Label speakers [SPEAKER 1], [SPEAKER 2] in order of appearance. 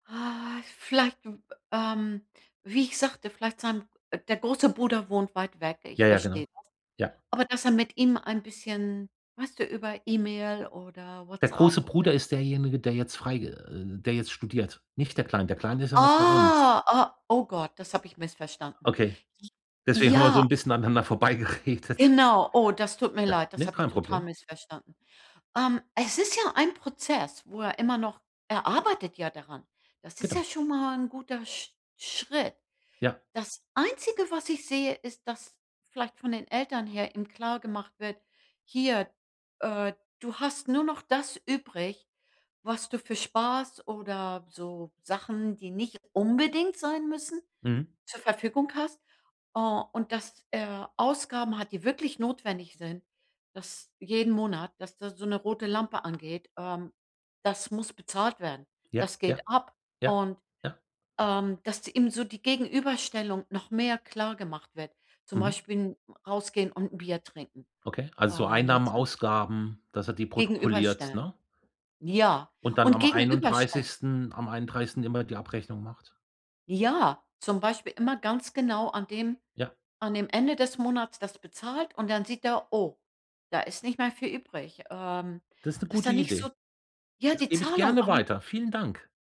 [SPEAKER 1] Ah vielleicht, w ähm, wie ich sagte, vielleicht sein der große Bruder wohnt weit weg. Ich
[SPEAKER 2] Jaja,
[SPEAKER 1] verstehe
[SPEAKER 2] genau.
[SPEAKER 1] das.
[SPEAKER 2] Ja.
[SPEAKER 1] Aber dass er mit ihm ein bisschen, weißt du, über E-Mail oder
[SPEAKER 2] Der große
[SPEAKER 1] Whatsapp oder?
[SPEAKER 2] Bruder ist derjenige, der jetzt freig äh, der jetzt studiert. Nicht der Kleine. Der Kleine ist ja noch bei uns.
[SPEAKER 1] Oh, oh. Oh Gott, das habe ich missverstanden.
[SPEAKER 2] Okay, deswegen haben wir so 'n
[SPEAKER 1] Ja.
[SPEAKER 2] bisschen aneinander vorbeigeredet.
[SPEAKER 1] Genau. Oh, das tut mir
[SPEAKER 2] Ja,
[SPEAKER 1] leid. Das
[SPEAKER 2] ne,
[SPEAKER 1] habe ich
[SPEAKER 2] kein
[SPEAKER 1] total
[SPEAKER 2] Problem.
[SPEAKER 1] missverstanden. Ähm, es ist ja ein Prozess, wo er immer noch er arbeitet ja daran. Das ist
[SPEAKER 2] Genau.
[SPEAKER 1] ja schon mal 'n guter Sch Schritt.
[SPEAKER 2] Ja.
[SPEAKER 1] Das Einzige, was ich sehe, ist, dass vielleicht von den Eltern her eben klargemacht wird: „Hier, äh, du hast nur noch das übrig, was du für Spaß oder so Sachen, die nicht unbedingt sein müssen,
[SPEAKER 2] Mhm.
[SPEAKER 1] zur Verfügung hast.“ Hm, und dass er Ausgaben hat, die wirklich notwendig sind, dass jeden Monat, dass da so 'ne rote Lampe angeht, ähm, das muss bezahlt werden.
[SPEAKER 2] Ja.
[SPEAKER 1] Das geht
[SPEAKER 2] Ja.
[SPEAKER 1] ab.
[SPEAKER 2] Ja.
[SPEAKER 1] Und,
[SPEAKER 2] Ja.
[SPEAKER 1] ähm, dass ihm so die Gegenüberstellung noch mehr klargemacht wird, zum
[SPEAKER 2] Mhm.
[SPEAKER 1] Beispiel 'n rausgehen und 'n Bier trinken,
[SPEAKER 2] Okay, also,
[SPEAKER 1] ähm, mit
[SPEAKER 2] Einnahmen,
[SPEAKER 1] sein
[SPEAKER 2] Ausgaben, dass er die protokolliert,
[SPEAKER 1] Gegenüberstellen.
[SPEAKER 2] ne?
[SPEAKER 1] Ja,
[SPEAKER 2] Und dann
[SPEAKER 1] und
[SPEAKER 2] am
[SPEAKER 1] gegenüberstellen.
[SPEAKER 2] 31., am 31. immer die Abrechnung macht?
[SPEAKER 1] Ja, zum Beispiel immer ganz genau an dem
[SPEAKER 2] Ja.
[SPEAKER 1] an dem Ende des Monats das bezahlt. Und dann sieht er: „Oh, da ist nicht mehr viel übrig.“ Ähm,
[SPEAKER 2] Das ist 'ne
[SPEAKER 1] dass
[SPEAKER 2] gute
[SPEAKER 1] da nicht so
[SPEAKER 2] Idee.
[SPEAKER 1] ja,
[SPEAKER 2] Das
[SPEAKER 1] die
[SPEAKER 2] gebe ich
[SPEAKER 1] Zahlung
[SPEAKER 2] gerne
[SPEAKER 1] ah
[SPEAKER 2] weiter. Vielen Dank.